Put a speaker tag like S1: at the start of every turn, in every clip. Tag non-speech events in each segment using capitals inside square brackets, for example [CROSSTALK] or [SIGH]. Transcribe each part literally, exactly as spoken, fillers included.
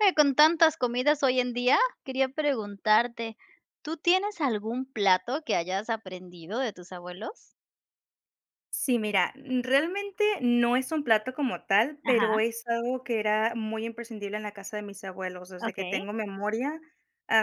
S1: Eh, con tantas comidas hoy en día, quería preguntarte, ¿tú tienes algún plato que hayas aprendido de tus abuelos?
S2: Sí, mira, realmente, no es un plato como tal, pero
S1: Ajá.
S2: es algo que era muy imprescindible en la casa de mis abuelos, desde que
S1: Okey.
S2: tengo memoria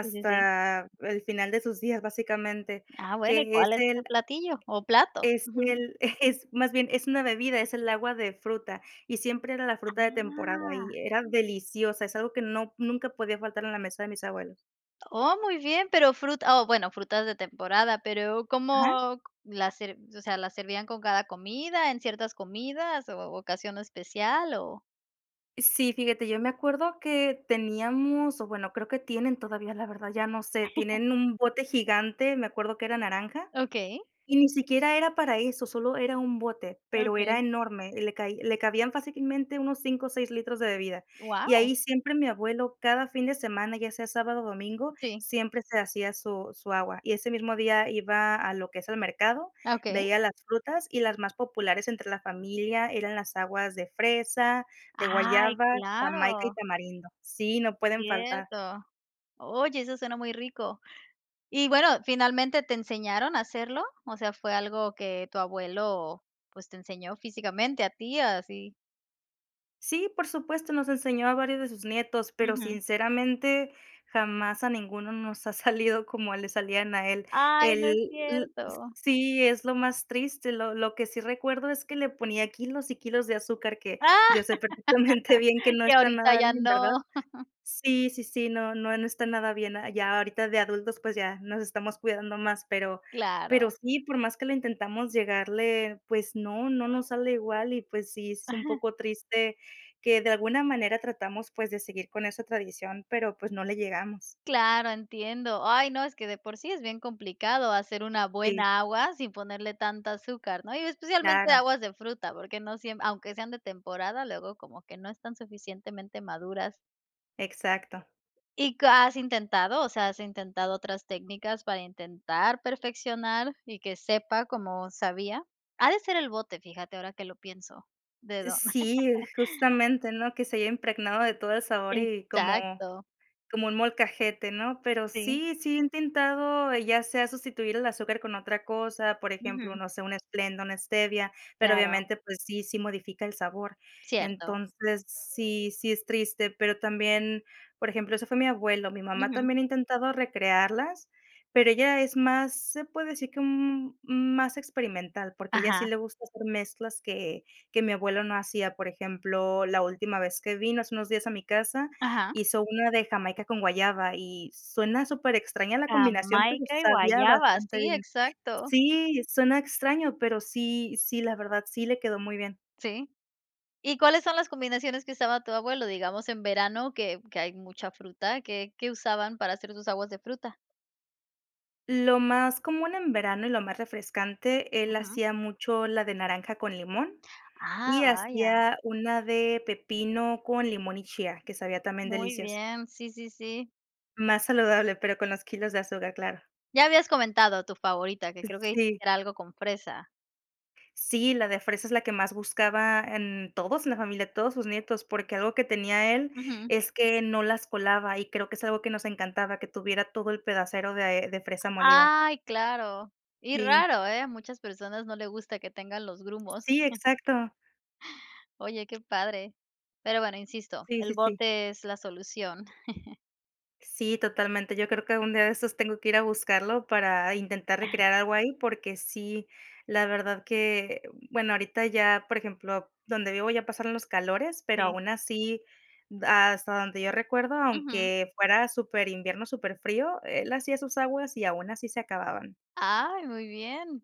S1: Sí, sí, sí.
S2: el final de sus días, básicamente
S1: Ah, bueno, ¿y
S2: que es
S1: cuál es
S2: el
S1: ese platillo o plato?
S2: es
S1: [CHUCKLES]
S2: el [CHUCKLES] eh, es más bien, es una bebida, es el agua de fruta, y siempre era la fruta de temporada
S1: Ah.
S2: y era deliciosa, es algo que no nunca podía faltar en la mesa de mis abuelos.
S1: Oh, muy bien, pero fruta o, bueno, frutas de temporada, pero,
S2: Ajá.
S1: ¿cómo la ser o sea, las servían con cada comida, en ciertas comidas, o ocasión especial, o?
S2: Sí, fíjate, yo me acuerdo que teníamos o bueno, creo que tienen todavía, la verdad, ya no sé,
S1: [LAUGHS]
S2: tienen un bote gigante, me acuerdo que era naranja,
S1: Okey.
S2: y ni siquiera era para eso, sólo era un bote, pero era
S1: Okey.
S2: enorme, y le cai le cabían fácilmente unos cinco o seis litros de bebida, y
S1: Guau.
S2: ahí siempre, mi abuelo cada fin de semana, ya sea sábado o domingo,
S1: Sí.
S2: siempre se hacía su su agua, y ese mismo día, iba a lo que es el mercado,
S1: Ah, okey.
S2: veía las frutas, y las más populares entre la familia eran las aguas de fresa, de
S1: Ay,
S2: guayaba, jamaica y
S1: claro.
S2: tamarindo, sí, no pueden faltar.
S1: Cierto. Oye, eso suena muy rico, y bueno, ¿finalmente te enseñaron a hacerlo?, o sea, ¿fue algo que tu abuelo, pues, te enseñó físicamente a ti?, así.
S2: Sí, por supuesto. Nos enseñó a varios de sus nietos, pero
S1: Ujú.
S2: sinceramente, jamás a ninguno nos ha salido como le salían a él.
S1: Ay, no
S2: El
S1: es
S2: l
S1: cierto.
S2: sí, es lo más triste. Lo lo que sí recuerdo es que le ponía kilos y kilos de azúcar que
S1: Ah.
S2: yo sé perfectamente bien que
S1: [LAUGHS]
S2: no
S1: Que
S2: está
S1: ahorita
S2: nada
S1: ya
S2: bien, ¿verdad?
S1: no. [CHUCKLES]
S2: Sí, sí, sí, no, no, no está nada bien, ya ahorita de adultos, pues, ya nos estamos cuidando más, pero pero
S1: Claro.
S2: sí, por más que lo intentamos llegarle, pues, no, no nos sale igual y, pues, sí, es un
S1: Ajá.
S2: poco triste que de alguna manera tratamos, pues, de seguir con esa tradición, pero, pues, no le llegamos.
S1: Claro, entiendo. Ay, no, es que de por sí es bien complicado hacer una
S2: Sí.
S1: buena agua sin ponerle tanta azúcar, ¿no?, y especialmente
S2: Claro.
S1: aguas de fruta, porque no siem aunque sean de temporada, luego como que no están suficientemente maduras.
S2: Exacto.
S1: ¿Y c has intentado? O sea, ¿has intentado otras técnicas para intentar perfeccionar y que sepa como sabía? Ha de ser el bote, fíjate ahora que lo pienso, dedo.
S2: Sí,
S1: [LAUGHS]
S2: justamente, ¿no?, que se haya impregnado de todo el sabor y como
S1: Exacto.
S2: como un molcajete, ¿no?, pero
S1: Sí.
S2: sí, sí he intentado, ya sea sustituir el azúcar con otra cosa, por ejemplo,
S1: Ujú.
S2: no sé, un Splenda, una Stevia, pero
S1: Claro.
S2: obviamente pues sí, si modifica el sabor.
S1: Cierto.
S2: Entonces, sí, sí es triste, pero también, por ejemplo, eso fue mi abuelo. Mi mamá
S1: Ujú.
S2: también ha intentado recrearlas pero ella es más se puede decir que un un más experimental, porque a ella sí
S1: Ajá.
S2: le gusta hacer mezclas que que mi abuelo no hacía, por ejemplo, la última vez que vino hace unos días a mi casa
S1: Ajá.
S2: hizo una de jamaica con guayaba y suena súper extraña la combinación, pero
S1: Jamaica y
S2: sabía
S1: guayaba.
S2: bastante
S1: Sí,
S2: bien.
S1: exacto.
S2: Sí, suena extraño, pero sí sí, la verdad, sí, le quedó muy bien.
S1: Sí. ¿Y cuáles son las combinaciones que usaba tu abuelo? Digamos en verano que que hay mucha fruta. ¿Qué qué usaban para hacer sus aguas de fruta?
S2: Lo más común en verano y lo más refrescante, él
S1: Ujú.
S2: hacía mucho la de naranja con limón,
S1: ¡Ah,
S2: y
S1: vaya!
S2: hacía una de pepino con limón y chía, que sabía también
S1: Muy
S2: deliciosa.
S1: bien, sí, sí, sí.
S2: Más saludable, pero con los kilos de azúcar, claro.
S1: Ya habías comentado tu favorita, que creo que
S2: Sí.
S1: era algo con fresa.
S2: Sí, la de fresa es la que más buscaba, em, todos en la familia, todos sus nietos, porque algo que tenía él,
S1: Ujú.
S2: es que no las colaba y creo que es algo que nos encantaba que tuviera todo el pedacero de de fresa molida.
S1: ¡Ay!, claro, y
S2: Sí.
S1: raro, ¿eh?, a muchas personas no le gusta que tengan los grumos.
S2: Sí,
S1: [CHUCKLES]
S2: exacto.
S1: Oye, qué padre. Pero, bueno, insisto,
S2: Sí, sí,
S1: el
S2: sí.
S1: bote es la solución. [CHUCKLES]
S2: Sí, totalmente. Yo creo que algún día de estos tengo que ir a buscarlo para intentar
S1: [CHUCKLES]
S2: recrear algo ahí, porque sí, la verdad que, um, bueno, ahorita ya, por ejemplo, donde vivo ya pasaron los calores, pero
S1: Sí.
S2: aún así, b hasta donde yo recuerdo,
S1: Ujú.
S2: aunque fuera superinvierno, superfrío, él hacía sus aguas y aún así se acababan.
S1: Ay, muy bien.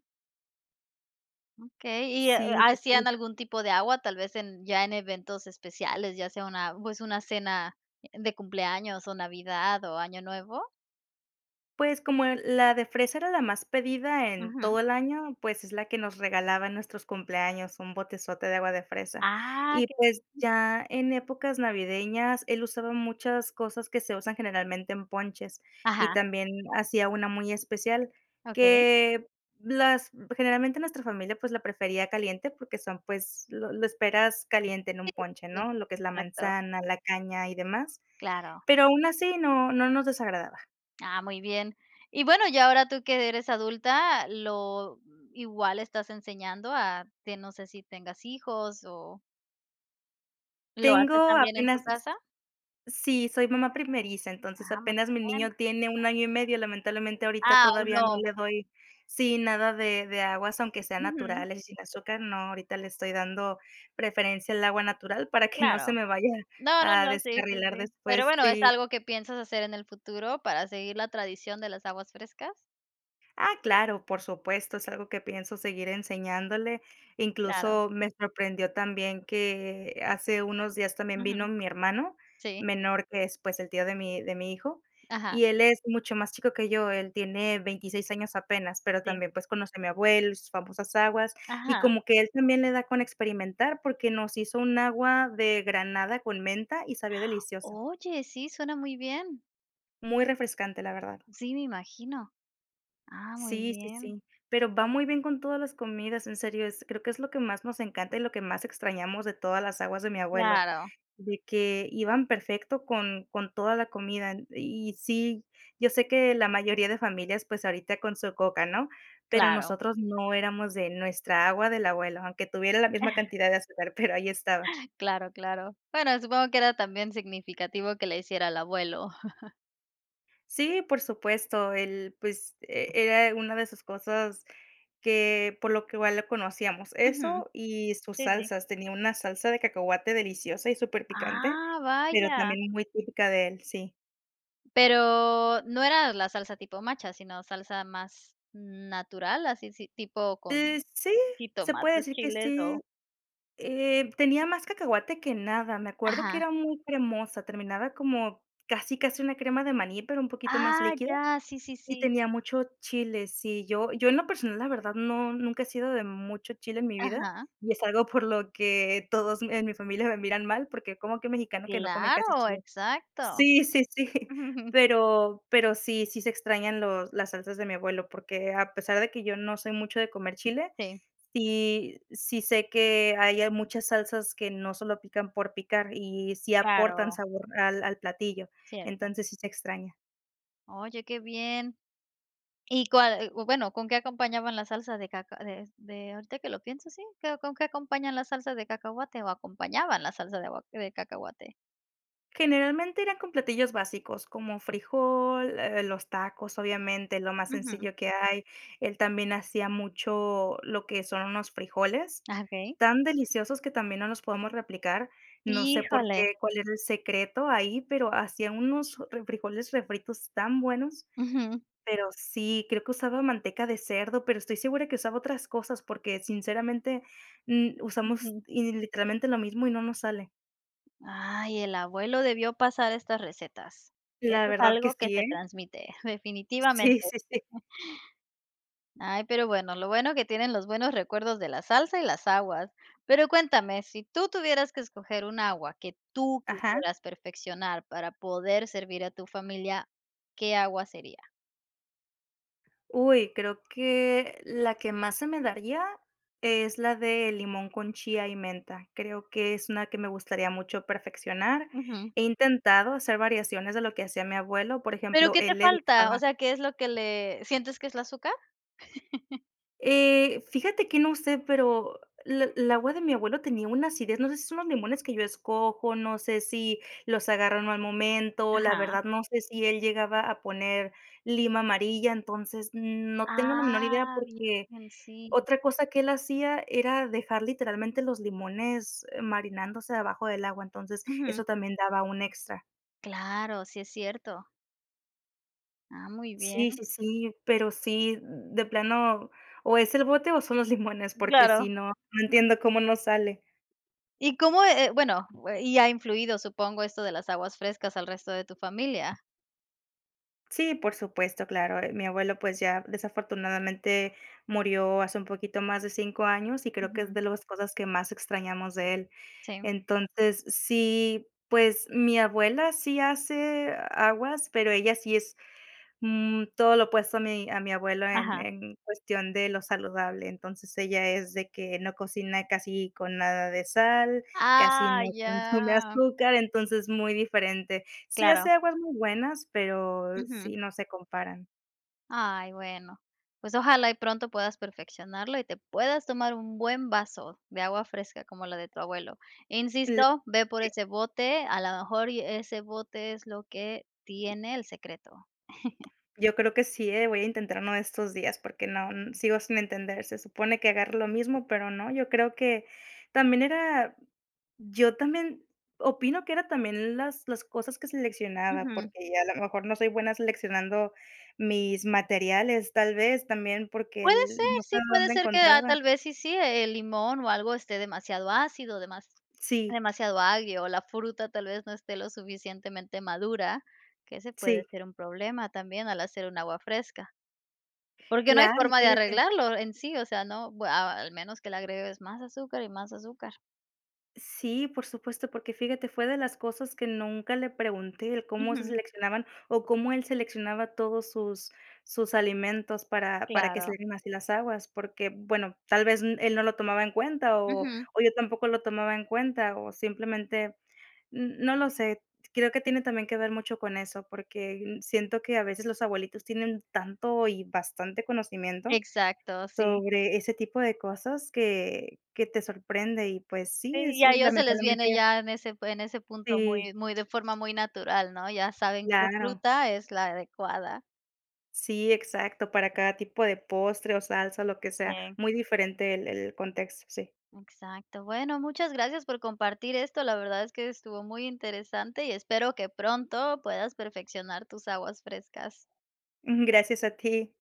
S1: Okey. Y,
S2: Sí,
S1: ¿ha ha
S2: sí,
S1: hacían
S2: sí.
S1: algún tipo de agua, tal vez en ya en eventos especiales, ya sea una, pues, una cena de cumpleaños, o Navidad, o Año Nuevo?
S2: Pues, como, eh, la de fresa era la más pedida en
S1: Ujú.
S2: todo el año, pues, es la que nos regalaba en nuestros cumpleaños, un botezote de agua de fresa
S1: Ah,
S2: y,
S1: que
S2: pues,
S1: bien.
S2: ya en épocas navideñas, él usaba muchas cosas que se usan, generalmente en ponches, y
S1: Ajá.
S2: también hacía una muy especial
S1: Okey.
S2: que, las generalmente, nuestra familia, pues, la prefería caliente porque son, pues, lo lo esperas caliente en un
S1: Sí,
S2: ponche,
S1: sí,
S2: ¿no?, lo que es la
S1: exacto.
S2: manzana, la caña y demás.
S1: Claro.
S2: Pero aún así no no nos desagradaba.
S1: Ah, muy bien. Y bueno, ya ahora tú, que eres adulta, lo ¿igual estás enseñando a que? no sé si tengas hijos o ¿Lo haces
S2: Tengo
S1: también en tu
S2: apenas s
S1: casa?
S2: sí, soy mamá primeriza. Entonces,
S1: Ah, muy
S2: apenas mi niño
S1: bien.
S2: tiene un año y medio, lamentablemente, ahorita
S1: Ah, aun
S2: todavía no
S1: no.
S2: le doy sí, nada de de aguas, aunque sean
S1: Ujú.
S2: naturales y sin azúcar. No, ahorita le estoy dando preferencia al agua natural, para que no se
S1: Claro.
S2: me vaya
S1: No, no,
S2: a
S1: no. Sí, sí,
S2: descarrilar
S1: sí. Pero
S2: después
S1: bueno, ¿es
S2: sí.
S1: algo que piensas hacer en el futuro para seguir la tradición de las aguas frescas?
S2: Ah, claro, por supuesto, es algo que pienso seguir enseñándole,
S1: Claro.
S2: incluso me sorprendió también que hace unos días también vino
S1: Ujú.
S2: mi hermano
S1: Sí.
S2: menor, que es, pues, el tío de mi de mi hijo
S1: Ajá.
S2: y él es mucho más chico que yo, él tiene veintiséis años apenas, pero
S1: Sí.
S2: también, pues, conoció a mi abuelo y sus famosas aguas, y
S1: Ajá.
S2: como que él también le da con experimentar porque nos hizo un agua de granada con menta y sabía deliciosa.
S1: Oye, sí, suena muy bien.
S2: Muy refrescante, la verdad.
S1: Sí, me imagino. Ah, muy
S2: Sí, sí,
S1: bien.
S2: sí, pero va muy bien con todas las comidas en serio, es creo que es lo que más nos encanta y lo que más extrañamos de todas las aguas de mi abuelo,
S1: Claro.
S2: de que iban perfecto con con toda la comida. Y sí, yo sé que la mayoría de familias, pues, ahorita con su Coca, ¿no?, pero
S1: Claro.
S2: nosotros, no, éramos de nuestra agua del abuelo, aunque tuviera la misma
S1: [CHUCKLES]
S2: cantidad de azúcar, pero ahí estaba.
S1: Claro, claro. Bueno, supongo que era también significativo que la hiciera el abuelo. [CHUCKLES]
S2: Sí, por supuesto. Él, pues, eh, era una de esas cosas que por lo que igual lo conocíamos,
S1: Ujú.
S2: eso y sus
S1: Sí, sí.
S2: salsas. Tenía una salsa de cacahuate deliciosa y superpicante,
S1: Ah,
S2: pero
S1: vaya.
S2: también muy típica de él, sí.
S1: Pero, no era la salsa tipo macha, sino salsa más, natural, así si tipo con,
S2: Eh, sí, se puede
S1: jitomates
S2: decir que
S1: chiles
S2: sí.
S1: o
S2: Eh, tenía más cacahuate que nada, me acuerdo que
S1: Ajá.
S2: era muy cremosa, terminaba como casi, casi una crema de maní, pero un poquito más
S1: Ah,
S2: líquida.
S1: ya, sí, sí,
S2: Y
S1: sí.
S2: tenía mucho chile, sí, yo yo en lo personal, la verdad no, nunca he sido de mucho chile en mi vida
S1: Ajá.
S2: y es algo por lo que, todos me en mi familia me miran mal porque, ¿cómo que mexicano que no come casi
S1: Claro,
S2: chile?
S1: exacto.
S2: Sí, sí, sí.
S1: [CHUCKLES]
S2: Pero, pero sí, sí se extrañan los las salsas de mi abuelo porque, a pesar de que yo no soy mucho de comer chile,
S1: Sí.
S2: sí, sí sé que, ahí hay muchas salsas que no solo pican por picar y, sí aportan
S1: Claro.
S2: sabor al al platillo.
S1: Cierto.
S2: Entonces sí se extraña.
S1: Oye, qué bien, ¿y cuál? U o bueno, ¿con qué acompañaban la salsa de caca de de ahorita que lo pienso. Sí, ¿qué? O, ¿con qué acompañan la salsa de cacahuate o acompañaban la salsa de agua de cacahuate?
S2: Generalmente eran con platillos básicos, como frijol, eh, los tacos, obviamente lo más
S1: Ujú.
S2: sencillo que hay. Él también hacía mucho, lo que son unos frijoles,
S1: Ah, okey.
S2: tan deliciosos que también no los podemos replicar. No sé por
S1: Híjole.
S2: qué, cuál era el secreto ahí, pero hacía unos, eh, refrijoles refritos tan buenos.
S1: Ujú.
S2: Pero sí creo que usaba manteca de cerdo, pero estoy segura que usaba otras cosas porque sinceramente, mm, usamos
S1: Ujú.
S2: y literalmente lo mismo y no nos sale.
S1: Ay, el abuelo debió pasar estas recetas.
S2: La
S1: Eso es
S2: verdad que
S1: algo que
S2: sí,
S1: se
S2: ¿eh?
S1: transmite, definitivamente.
S2: Sí, sí, sí.
S1: [CHUCKLES] Ay, pero bueno, lo bueno que tienen los buenos recuerdos de la salsa y las aguas. Pero cuéntame, si tú tuvieras que escoger un agua que tú
S2: Ajá.
S1: quisieras perfeccionar para poder servir a tu familia, ¿qué agua sería?
S2: Uy, creo que la que más se me daría, es la de limón con chía y menta. Creo que es una que me gustaría mucho perfeccionar.
S1: Ujú.
S2: He intentado hacer variaciones de lo que hacía mi abuelo, por
S1: Pero,
S2: ejemplo,
S1: ¿qué te
S2: él le
S1: falta?, o
S2: dejaba
S1: sea, ¿qué es lo que le sientes que es la azúcar? [LAUGHS]
S2: Eh, fíjate que no sé, pero l el agua de mi abuelo tenía una acidez, no sé si son los limones que yo escojo. No sé si, los agarro en mal momento, la
S1: Ajá.
S2: verdad no sé si él llegaba a poner lima amarilla, entonces, no tengo la menor idea
S1: Ah,
S2: porque
S1: bien, sí.
S2: otra cosa que él hacía era dejar literalmente los limones marinándose abajo del agua, entonces eso
S1: Ujú.
S2: también daba un extra.
S1: Claro. Sí, es cierto. Ah, muy bien.
S2: Sí, sí, sí, pero sí de plano, o es el bote o son los limones, porque
S1: Claro.
S2: si no no entiendo cómo no sale.
S1: ¿Y cómo, eh eh, bueno, uh, eh, y ha influido, supongo, esto de las aguas frescas al resto de tu familia?
S2: Sí, por supuesto, claro, eh, mi abuelo, pues ya, desafortunadamente murió hace un poquito más de cinco años, y creo que es
S1: Ujú.
S2: de los cosas que más extrañamos de él.
S1: Sí.
S2: Entonces, sí, pues, mi abuela sí hace aguas, pero ella sí es, mm, todo lo opuesto a mi a mi abuelo en
S1: Ajá.
S2: en cuestión de lo saludable. Entonces, ella es de que no cocina casi con nada de sal, casi
S1: Ah,
S2: no consume
S1: ya.
S2: azúcar, entonces, muy diferente. Sí
S1: Claro.
S2: hace aguas muy buenas, pero
S1: Ujú.
S2: sí, no se comparan.
S1: Ay, bueno, pues, ojalá y pronto puedas perfeccionarlo y te puedas tomar un buen vaso de agua fresca como la de tu abuelo.
S2: Cl
S1: Insisto, ve por
S2: sí.
S1: ese bote, a lo mejor y ese bote es lo que tiene el secreto. [CHUCKLES]
S2: Yo creo que sí, eh, voy a intentar uno de estos días porque no n sigo sin entender. Se supone que agarro lo mismo, pero no, yo creo que también era yo también opino que era también las las cosas que seleccionaba,
S1: Ujú.
S2: porque a la mejor no soy buena seleccionando mis materiales, tal vez, también porque
S1: Puede
S2: él
S1: ser,
S2: no sé
S1: sí, puede
S2: dónde
S1: ser que, ah,
S2: encontraba.
S1: tal vez sí sí, el limón o algo esté demasiado ácido, demas
S2: Sí.
S1: demasiado agrio o la fruta tal vez, no esté lo suficientemente madura, que ese puede
S2: Sí.
S1: ser un problema también al hacer un agua fresca. Porque no hay
S2: Claro, y
S1: forma de
S2: fíjate.
S1: arreglarlo en sí, o sea, no, bu a al menos que le agregues más azúcar y más azúcar.
S2: Sí, por supuesto, porque fíjate, fue de las cosas que nunca le pregunté, el cómo se
S1: Ujú.
S2: seleccionaban o cómo él seleccionaba todos sus sus alimentos para para que
S1: Claro.
S2: salieran así las aguas, porque bueno, tal vez, n él no lo tomaba en cuenta o
S1: Ujú.
S2: o yo tampoco lo tomaba en cuenta o simplemente n no lo sé, creo que tiene también que ver mucho con eso, porque, mm, siento que a veces los abuelitos tienen tanto y bastante conocimiento,
S1: Exacto, sí.
S2: sobre ese tipo de cosas que que te sorprende y pues
S1: Sí,
S2: sí, es,
S1: y a ellos se les viene
S2: lamentablemente
S1: ya en ese en ese punto
S2: Sí.
S1: muy muy de forma muy natural, ¿no?, ya saben qué
S2: Claro.
S1: fruta es la adecuada.
S2: Sí, exacto, para cada tipo de postre o salsa, lo que sea,
S1: Sí.
S2: muy diferente el el contexto, sí.
S1: Exacto. Bueno, muchas gracias por compartir esto. La verdad es que estuvo muy interesante y espero que pronto puedas perfeccionar tus aguas frescas.
S2: Mm, gracias a ti.